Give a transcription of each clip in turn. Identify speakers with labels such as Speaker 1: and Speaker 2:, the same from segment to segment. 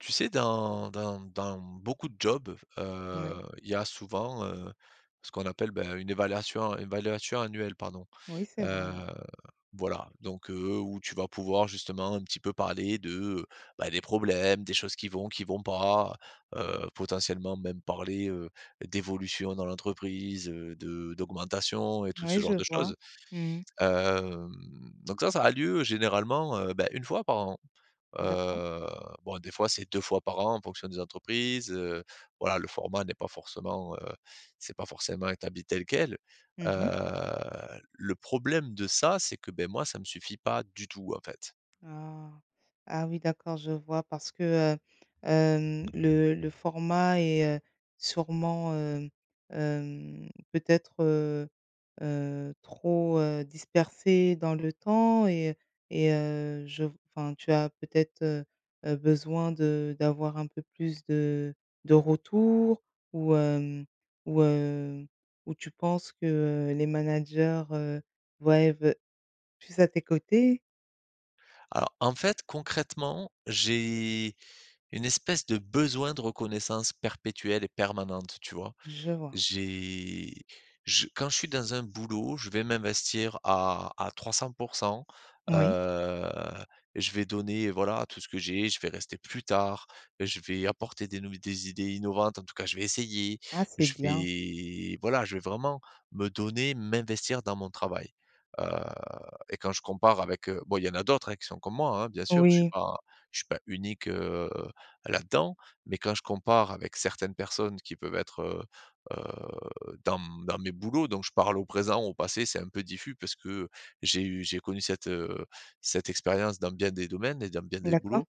Speaker 1: Tu sais dans dans dans beaucoup de jobs,
Speaker 2: Ouais.
Speaker 1: heu, il y a souvent, heu, ce qu'on appelle bah, une évaluation- évaluation annuelle pardon,
Speaker 2: Oui, c'est vrai.
Speaker 1: heu, voilà. Donc heu, où tu vas pouvoir justement un petit peu parler de, heu, bah, des problèmes, des choses qui vont qui vont pas, heu, potentiellement même parler, heu, d'évolution dans l'entreprise, heu, de d'augmentation et tout ce
Speaker 2: Oui je
Speaker 1: genre de
Speaker 2: vois
Speaker 1: choses,
Speaker 2: mmh mh.
Speaker 1: hem, donc ça, ça a lieu généralement beh, 1 fois par an,
Speaker 2: D'accord.
Speaker 1: heu, bon des fois c'est 2 fois par an en fonction des entreprises, heu, voilà. Le format n'est pas forcément, heu, c'est pas forcément établi tel quel, heu,
Speaker 2: Mmh mh.
Speaker 1: le problème de ça c'est que beh, moi ça me suffit pas du tout en fait.
Speaker 2: Ah! Ah oui d'accord je vois parce que, heu, hem, le le format est, heu, sûrement, heu, hem, peut-être, heu heu, trop, heu, dispersé dans le temps et et heu, je v enfin tu as peut-être, heu heu, besoin de d'avoir un peu plus de de retours ou hem, ou heu, ou tu penses que, heu, les managers, heu, voient et ve plus à tes côtés?
Speaker 1: Alors en fait concrètement, j'ai une espèce de besoin de reconnaissance perpétuelle et permanente. Tu vois?
Speaker 2: Je vois.
Speaker 1: J'ai je quand je suis dans un boulot, je vais m'investir à à 300 %,
Speaker 2: Oui.
Speaker 1: heu, je vais donner voilà tout ce que j'ai, je vais rester plus tard, je vais apporter des nouv des idées innovantes, en tout cas je vais essayer,
Speaker 2: Ah, c'est
Speaker 1: je
Speaker 2: bien.
Speaker 1: vais, voilà, je vais vraiment me donner, m'investir dans mon travail, heu, et quand je compare avec, heu, bon il y en a d'autres hein, qui sont comme moi hein, bien sûr je suis
Speaker 2: Oui.
Speaker 1: pas je suis pas unique, heu, là-dedans. Mais quand je compare avec certaines personnes qui peuvent être, heu, heu, dans m dans mes boulots, donc je parle au présent, au passé, c'est un peu diffus parce que j'ai eu j'ai connu cette, heu, cette expérience dans bien des domaines et dans bien des
Speaker 2: D'accord.
Speaker 1: boulots,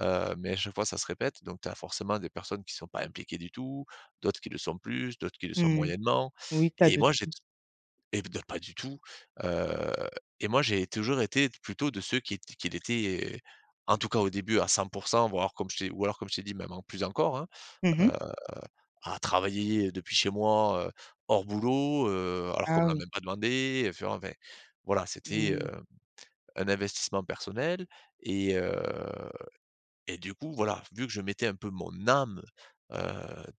Speaker 1: heu, mais à chaque fois ça se répète, donc tu as forcément des personnes qui sont pas impliquées du tout, d'autres qui le sont plus d'autres qui le sont
Speaker 2: Mmh,
Speaker 1: moyennement.
Speaker 2: oui, tu as
Speaker 1: Et
Speaker 2: de
Speaker 1: moi j'ai
Speaker 2: tout.
Speaker 1: t eh bah, pas du tout, heu, et moi j'ai toujours été plutôt de ceux qui ét qui l'étaient, heu, en tout cas au début à 100 %, voire comme je t'ai ou alors comme je t'ai dit même en plus encore hein,
Speaker 2: Mmh
Speaker 1: heu,
Speaker 2: mh.
Speaker 1: à travailler, heu, depuis chez moi, heu, hors boulot, heu, alors qu'on me
Speaker 2: Ah
Speaker 1: l'a
Speaker 2: oui.
Speaker 1: même pas demandé, heu, tu vois? Enfin. Voilà c'était,
Speaker 2: Mmh.
Speaker 1: heu, un investissement personnel et heu, et du coup voilà. Vu que je mettais un peu mon âme, heu,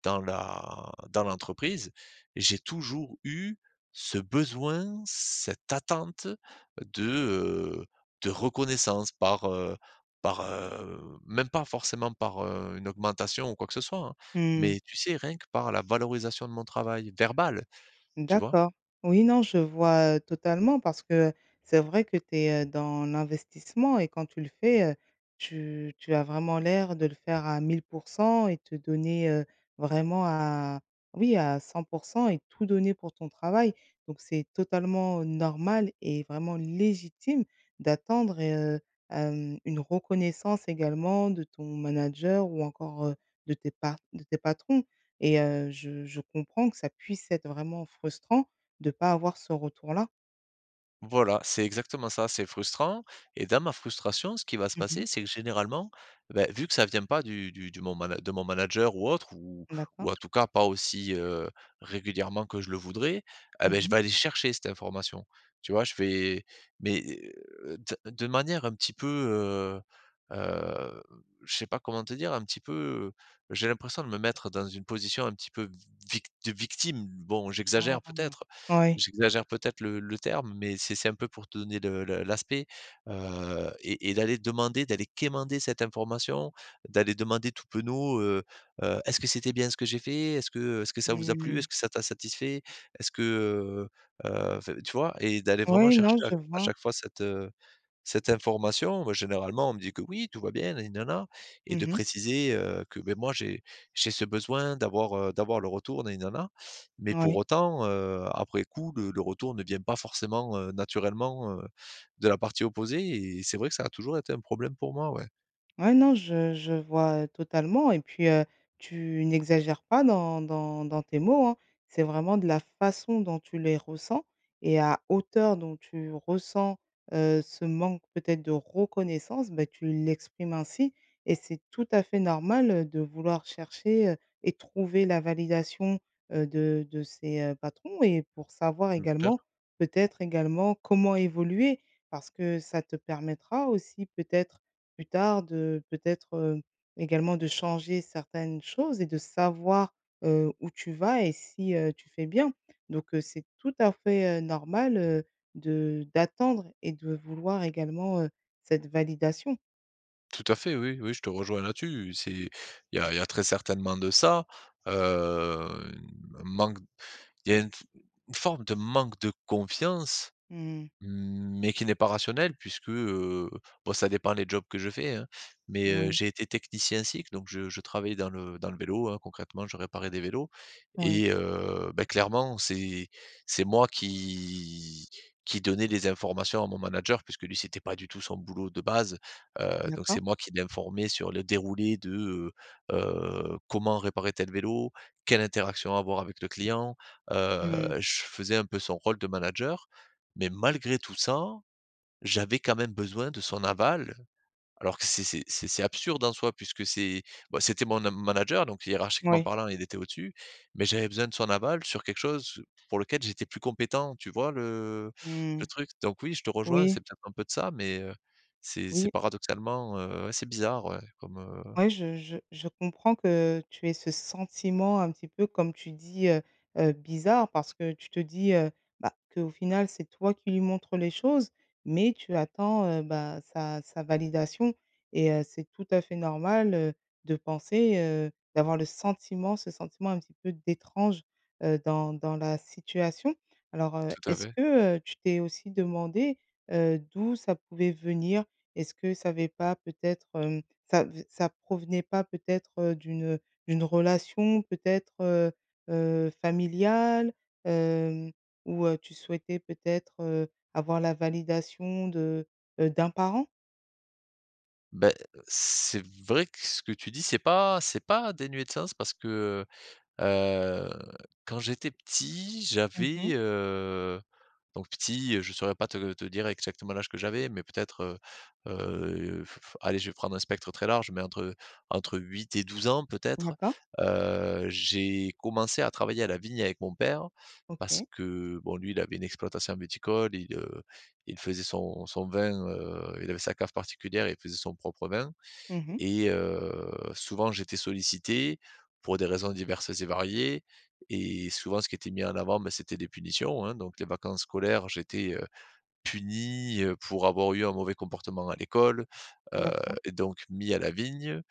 Speaker 1: dans la dans l'entreprise, j'ai toujours eu ce besoin, cette attente de, heu, de reconnaissance par heu par heu même pas forcément par, heu, une augmentation ou quoi que ce soit hein,
Speaker 2: Mmh.
Speaker 1: mais tu sais rien que par la valorisation de mon travail, verbale. Tu vois?
Speaker 2: D'accord, oui non je vois, heu, totalement parce que, c'est vrai que tu es, heu, dans l'investissement et quand tu le fais, heu, tu tu as vraiment l'air de le faire à 1 000 % et te donner, heu, vraiment à oui à 100 % et tout donner pour ton travail. Donc c'est totalement, heu, normal et vraiment légitime d'attendre et heu, hem, une reconnaissance également de ton manager ou encore, heu, de tes part de tes patrons, et heu, je je comprends que ça puisse être vraiment frustrant de pas avoir ce retour-là.
Speaker 1: Voilà, c'est exactement ça, c'est frustrant et dans ma frustration, ce qui va se
Speaker 2: Mmh mh.
Speaker 1: passer, c'est que généralement, bah vu que ça vient pas du du du mon mana de mon manager ou autre ou
Speaker 2: D'accord.
Speaker 1: ou en tout cas pas aussi, heu, régulièrement que je le voudrais, eh,
Speaker 2: Mmh
Speaker 1: bah, je
Speaker 2: mh.
Speaker 1: vais aller chercher cette information tu vois? Je vais, mais, heu ts de manière un petit peu, heu, heu je sais pas comment te dire un petit peu j'ai l'impression de me mettre dans une position un petit peu v vict de victime. Bon,
Speaker 2: Ah,
Speaker 1: j'exagère
Speaker 2: non.
Speaker 1: peut-être
Speaker 2: Oui.
Speaker 1: j'exagère peut-être le le terme, mais c'est c'est un peu pour te donner le le l'aspect, heu, et et d'aller demander, d'aller quémander cette information. D'aller demander tout penaud, heu, heu: «Est-ce que c'était bien ce que j'ai fait? Est-ce que est-ce que ça vous a plu? Est-ce
Speaker 2: Mmh.
Speaker 1: que ça t'a satisfait? Est-ce que, heu, heu» enfin tu vois? Et d'aller vraiment
Speaker 2: Oui,
Speaker 1: chercher
Speaker 2: non
Speaker 1: à
Speaker 2: je
Speaker 1: à
Speaker 2: vois.
Speaker 1: chaque fois cette cette information. Bah, généralement on me dit qu'oui tout va bien na ni na na et de
Speaker 2: Mmh mh.
Speaker 1: préciser, heu, que mais moi j'ai j'ai ce besoin d'avoir, heu, d'avoir leur retour na ni na na mais pour
Speaker 2: Oui.
Speaker 1: autant, heu, après coup le le retour ne vient pas forcément, heu, naturellement, heu, de la partie opposée et c'est vrai que ça a toujours été un problème pour moi, ouais.
Speaker 2: Ouais, non, je je vois totalement et puis, heu, tu n'exagères pas dans dans dans tes mots hein. C'est vraiment de la façon dont tu les ressens et à hauteur dont tu ressens, heu, ce manque peut-être de reconnaissance, bah, tu l'exprimes ainsi et c'est tout à fait normal, heu, de vouloir chercher, heu, et trouver la validation, heu, de de ces, heu, patrons et pour savoir
Speaker 1: Mmh, faire
Speaker 2: également peut-être également comment évoluer parce que ça te permettra aussi peut-être, plus tard, de peut-être, heu, également de changer certaines choses et de savoir, heu, où tu vas et si, heu, tu fais bien. Donc hu, c'est tout à fait, heu, normal, heu, de d'attendre et de vouloir également, heu, cette validation.
Speaker 1: Tout à fait, oui, oui, je te rejoins là-dessus, c'est il y a il y a très certainement de ça, heu, un manque il y a une f une forme de manque de confiance
Speaker 2: Mmh mh.
Speaker 1: mais qui n'est pas rationnel, puisque, heu, bon, ça dépend des jobs que je fais, hein, mais heu,
Speaker 2: Moui.
Speaker 1: j'ai été technicien cycles, donc je je travaillais dans le dans le vélo, hein, concrètement, je réparais des vélos
Speaker 2: Oui.
Speaker 1: et heu, bah, clairement, c'est c'est moi qui qui donnait les informations à mon manager puisque lui c'était pas du tout son boulot de base, heu, donc c'est
Speaker 2: D'accord.
Speaker 1: moi qui l'informais sur le déroulé de, heu heu, comment réparer tel vélo, quelle interaction avoir avec le client,
Speaker 2: Mmh mh.
Speaker 1: heu, je faisais un peu son rôle de manager mais malgré tout ça, j'avais quand même besoin de son aval, alors que c'est c'est c'est c'est absurde en soi puisque c'est, bah, c'était mon nam manager, donc hiérarchiquement
Speaker 2: Mouais.
Speaker 1: parlant il était au-dessus, mais j'avais besoin de son aval sur quelque chose pour lequel j'étais plus compétent, tu vois le
Speaker 2: Mmh
Speaker 1: le
Speaker 2: mh,
Speaker 1: truc, donc oui, je te rejoins,
Speaker 2: oui.
Speaker 1: c'est peut-être un peu de ça, mais heu, c'est c'est
Speaker 2: Oui.
Speaker 1: paradoxalement, heu, ouais, c'est bizarre, ouais, comme heu
Speaker 2: Ouais, je je je comprends que tu aies ce sentiment, un petit peu, comme tu dis, heu heu, bizarre parce que tu te dis, heu: «Bah, qu'au final, c'est toi qui lui montres les choses, mais tu attends, heu, bah, sa sa validation» et heu, c'est tout à fait normal, heu, de penser, heu, d'avoir le sentiment, ce sentiment un petit peu d'étrange, heu, dans dans la situation. Alors, heu,
Speaker 1: Tout à
Speaker 2: est-ce
Speaker 1: fait.
Speaker 2: que, heu, tu t'es aussi demandé, heu, d'où ça pouvait venir? Est-ce que ça avais pas peut-être, hem, ça v ça provenait pas peut-être, heu, d'une, heu, d'une relation peut-être, heu heu, familiale? Hem, où, heu, tu souhaitais peut-être, heu, avoir la validation de, heu, d'un parent?
Speaker 1: Bah, heu, c'est vrai que ce que tu dis, c'est pas c'est pas dénué de sens parce que, heu heu, quand j'étais petit,
Speaker 2: Mmh
Speaker 1: j'avais,
Speaker 2: mh.
Speaker 1: heu, donc petit, heu, je saurais pas te te dire exactement l'âge que j'avais mais peut-être, heu heu, allez, je vais prendre un spectre très large mais entre entre 8 et 12 ans peut-être,
Speaker 2: D'accord.
Speaker 1: heu, j'ai commencé à travailler à la vigne avec mon père, parce
Speaker 2: OK.
Speaker 1: que bon, lui il avait une exploitation viticole, il, heu, il faisait son son vin, heu, il avait sa cave particulière et il faisait son propre vin
Speaker 2: Mmh mh.
Speaker 1: et heu, souvent j'étais sollicité, pour des raisons diverses et variées et souvent ce qui était mis en avant, bah, c'était des punitions hein, donc les vacances scolaires j'étais, heu, puni, heu, pour avoir eu un mauvais comportement à l'école, heu
Speaker 2: D'accord.
Speaker 1: et donc mis à la vigne,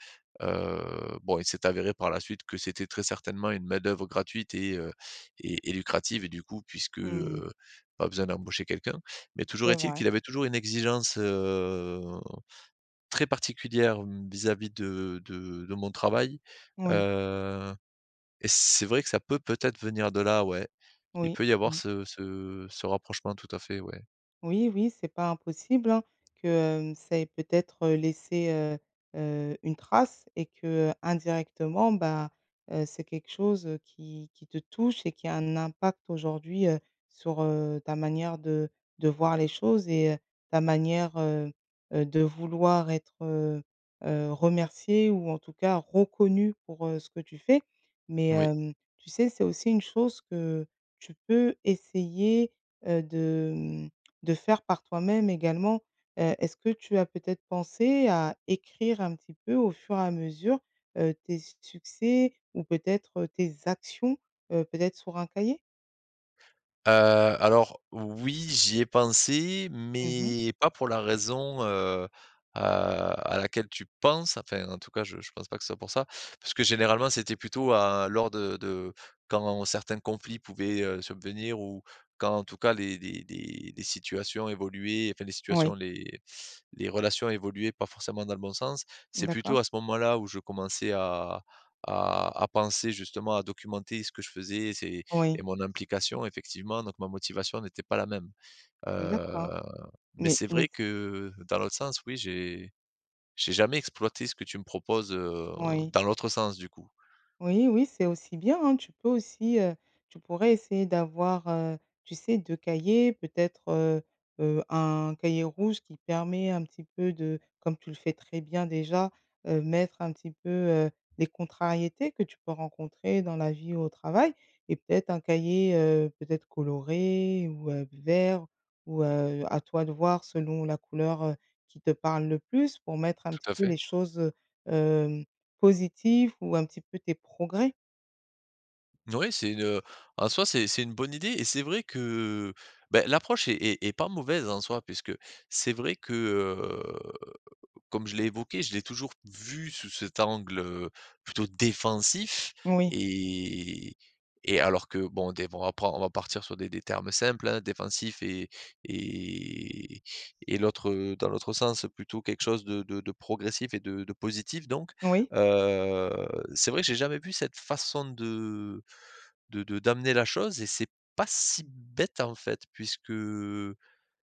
Speaker 1: heu, bon, il s'est avéré par la suite que c'était très certainement une main d'œuvre gratuite et heu et et lucrative et du coup puisque,
Speaker 2: Mmh.
Speaker 1: heu, pas besoin d'embaucher quelqu'un. Mais toujours
Speaker 2: C'est
Speaker 1: est-il,
Speaker 2: vrai.
Speaker 1: qu'il avait toujours une exigence, heu, très particulière vis-à-vis de de de mon travail,
Speaker 2: Oui.
Speaker 1: heu et c'est vrai que ça peut peut-être venir de là, ouais. Il
Speaker 2: Oui,
Speaker 1: peut y avoir
Speaker 2: mmh.
Speaker 1: ce ce ce rapprochement tout à fait, ouais.
Speaker 2: Oui, oui, c'est pas impossible, hein, que, hem, ça ait peut-être, heu, laissé, heu heu, une trace et que indirectement, ben, heu, c'est quelque chose, heu, qui qui te touche et qui a un impact aujourd'hui, heu, sur, heu, ta manière de de voir les choses et heu, ta manière, heu heu, de vouloir être, heu, remercié ou en tout cas, reconnu pour, heu, ce que tu fais. Mais,
Speaker 1: Moui.
Speaker 2: hem, tu sais, c'est aussi une chose que tu peux essayer, heu, de mmh, de faire par toi-même également, heu, est-ce que tu as peut-être pensé à écrire un petit peu, au fur et à mesure, heu, tes s succès ou peut-être tes actions, heu, peut-être sur un cahier?
Speaker 1: Heu, alors, oui, j'y ai pensé,
Speaker 2: Mmh mh.
Speaker 1: mais pas pour la raison, heu heu, à laquelle tu penses, enfin, en tout cas, je je pense pas que ce soit pour ça. Parce que, généralement, c'était plutôt à lors de de quand certains conflits pouvaient, heu, subvenir ou quand, en tout cas, les des des des situations évoluaient, enfin, les situations,
Speaker 2: Oui.
Speaker 1: les les relations évoluaient pas forcément dans le bon sens. C'est plutôt
Speaker 2: D'accord.
Speaker 1: à ce moment-là où je commençais à à à penser, justement, à documenter ce que je faisais. C'est et
Speaker 2: Oui.
Speaker 1: mon implication, effectivement. Donc, ma motivation n'était pas la même.
Speaker 2: D'accord,
Speaker 1: Heu, mais
Speaker 2: mais,
Speaker 1: c'est
Speaker 2: mais
Speaker 1: vrai
Speaker 2: c
Speaker 1: que, dans l'autre sens, oui, j'ai j'ai jamais exploité ce que tu me proposes, heu,
Speaker 2: Oui.
Speaker 1: dans l'autre sens, du coup.
Speaker 2: Oui oui, c'est aussi bien, hein. Tu peux aussi, heu, tu pourrais essayer d'avoir, heu, tu sais 2 cahiers, peut-être. Heu heu, un cahier rouge qui permet un petit peu de comme tu le fais très bien, déjà, heu, mettre un petit peu, heu, des contrariétés que tu peux rencontrer dans la vie ou au travail. Et peut-être un cahier, heu, peut-être coloré ou, heu, vert ou, heu, à toi de voir selon la couleur, heu, qui te parle le plus, pour mettre un
Speaker 1: Tout
Speaker 2: petit
Speaker 1: à
Speaker 2: peu
Speaker 1: fait.
Speaker 2: les choses, heu, hem, positives ou un petit peu tes progrès.
Speaker 1: Ouais, c'est une, heu, en soi c'est c'est une bonne idée et c'est vrai que, heu, beh, l'approche est est est pas mauvaise en soi puisque c'est vrai que, heu, comme je l'ai évoqué, je l'ai toujours vu sous cet angle, heu, plutôt défensif
Speaker 2: Oui.
Speaker 1: et et alors que, bon, des bon, on va pren on va partir sur des des termes simples, hein, défensifs et et et l'autre, dans l'autre sens plutôt quelque chose de de de progressif et de de positif, donc
Speaker 2: Oui.
Speaker 1: heu, c'est vrai que j'ai jamais vu cette façon de de de d'amener la chose et c'est pas si bête, en fait, puisque,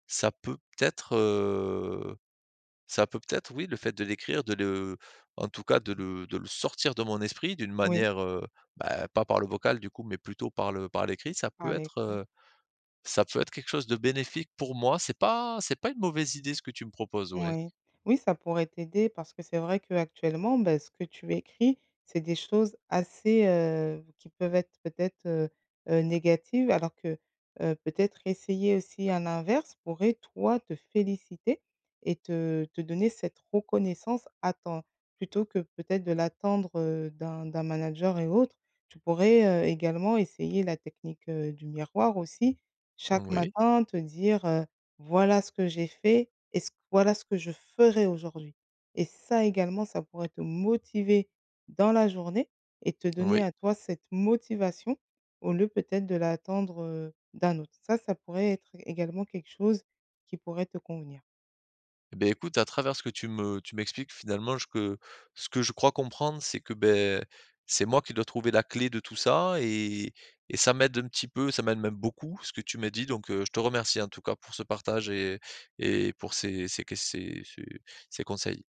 Speaker 1: ça peut peut-être, heu, ça peut peut-être oui, le fait de l'écrire, de le en tout cas de le de le sortir de mon esprit d'une
Speaker 2: Oui.
Speaker 1: manière, heu, bah, pas par le vocal, du coup, mais plutôt par le par l'écrit, ça peut
Speaker 2: Par
Speaker 1: être,
Speaker 2: l'écrit.
Speaker 1: heu, ça peut être quelque chose de bénéfique pour moi, c'est pas c'est pas une mauvaise idée ce que tu me proposes, ouais.
Speaker 2: Moui. Oui, ça pourrait t'aider parce que c'est vrai qu'actuellement, bah, ce que tu écris, c'est des choses assez, heu, qui peuvent être peut-être, heu heu, négatives alors que, heu, peut-être essayer aussi à l'inverse, pourrait toi, te féliciter et te te donner cette reconnaissance à temps plutôt que, peut-être, de l'attendre, heu, d'un d'un manager et autre. Tu pourrais, heu, également essayer la technique, heu, du miroir aussi, chaque
Speaker 1: Oui.
Speaker 2: matin te dire, heu: «Voilà, ce que j'ai fait et c voilà ce que je ferai aujourd'hui» et ça également ça pourrait te motiver dans la journée et te
Speaker 1: Oui.
Speaker 2: donner à toi cette motivation au lieu peut-être de l'attendre, heu, d'un autre ça ça pourrait être également quelque chose qui pourrait te convenir.
Speaker 1: Eh beh, écoute à travers ce que tu me tu m'expliques, finalement, je que ce que je crois comprendre c'est que, beh, c'est moi qui dois trouver la clé de tout ça et et ça m'aide un petit peu, ça m'aide même beaucoup ce que tu me dis, donc heu, je te remercie en tout cas pour ce partage et et pour ces ces qu ces ces ces conseils.